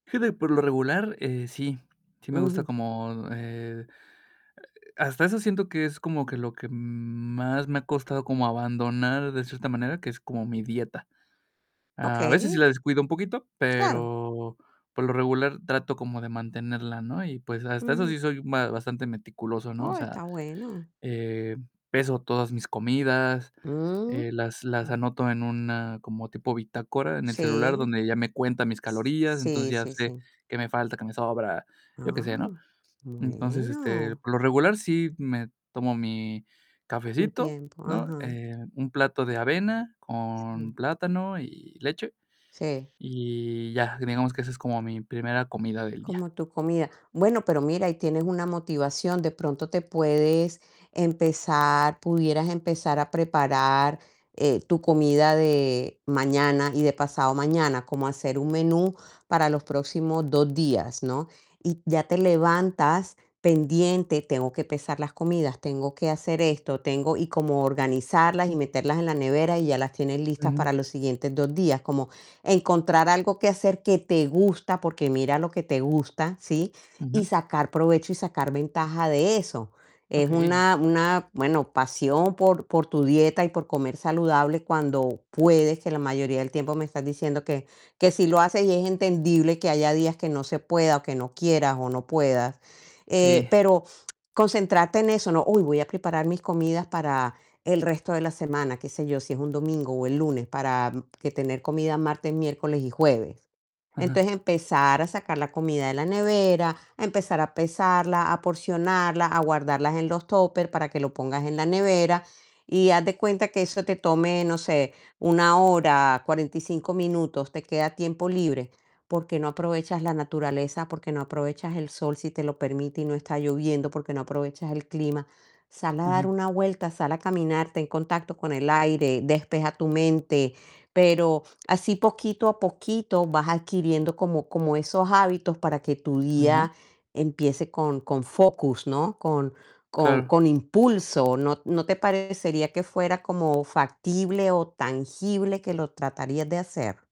Fíjate que por lo regular, eh, sí, sí me gusta Ujú. como, eh, hasta eso siento que es como que lo que m más me ha costado como abandonar de cierta manera, que es como mi dieta. A veces sí la Okey. descuido un poquito, Claro. pero por lo regular trato como de mantenerla, ¿no?, y pues, hasta eso Ujú. sí soy ba bastante meticuloso, ¿no?, o Oh, sea, está bueno. eh, peso todas mis comidas, Mm, eh, las las mm. anoto en una como tipo bitácora en el celular Sí. donde ya me cuenta mis S calorías, entonces sí, ya sí, sé, sí. qué me falta, qué me sobra, yo qué sé, ¿no? Ah, Entonces, este, bueno. por lo regular sí me tomo mi Tu cafecito, tiempo, ¿no?, ajá. eh, un plato de avena Sí. con plátano y leche, Sí. y ya, digamos que esa es como mi primera comida del día. Como tu comida. Bueno, pero mira, ahí tienes una motivación, de pronto te puedes empezar pudieras empezar a preparar, eh, tu comida de mañana y de pasado mañana, como hacer un menú para los próximos 2 días, ¿no?, y ya te levantas pendiente: "Tengo que pesar las comidas, tengo que hacer esto, tengo", y como organizarlas y meterlas en la nevera, y ya las tienes listas Ujú. para los siguientes 2 días, como encontrar algo que hacer que te gusta, porque mira lo que te gusta, ¿sí?, y Ujú. sacar provecho y sacar ventaja de eso. Es Okey. una una bueno, pasión por por tu dieta y por comer saludable cuando puedes, que la mayoría del tiempo me estás diciendo que que sí lo haces, y es entendible que haya días que no se pueda, o que no quieras, o no puedas, Sí. eh, pero concentrarte en eso, ¿no? "Uy, voy a preparar mis comidas para el resto de la semana", qué sé yo, si es un domingo o el lunes, para que tener comida martes, miércoles y jueves, Ajá. entonces, empezar a sacar la comida de la nevera, empezar a pesarla, a porcionarla, a guardarlas en los tóper para que lo pongas en la nevera y haz de cuenta que eso te tome, no sé, 1 hora, 45 minutos, te queda tiempo libre, ¿por qué no aprovechas la naturaleza? ¿Por qué no aprovechas el sol si te lo permite y no está lloviendo? ¿Por qué no aprovechas el clima?, sal a dar Ajá. una vuelta, sal a caminar, ten contacto con el aire, despeja tu mente, pero así poquito a poquito vas adquiriendo como como esos hábitos para que tu Ajá. día empiece con con focus, ¿no?, con con Claro. con impulso, ¿no no te parecería que fuera como factible o tangible que lo tratarías de hacer?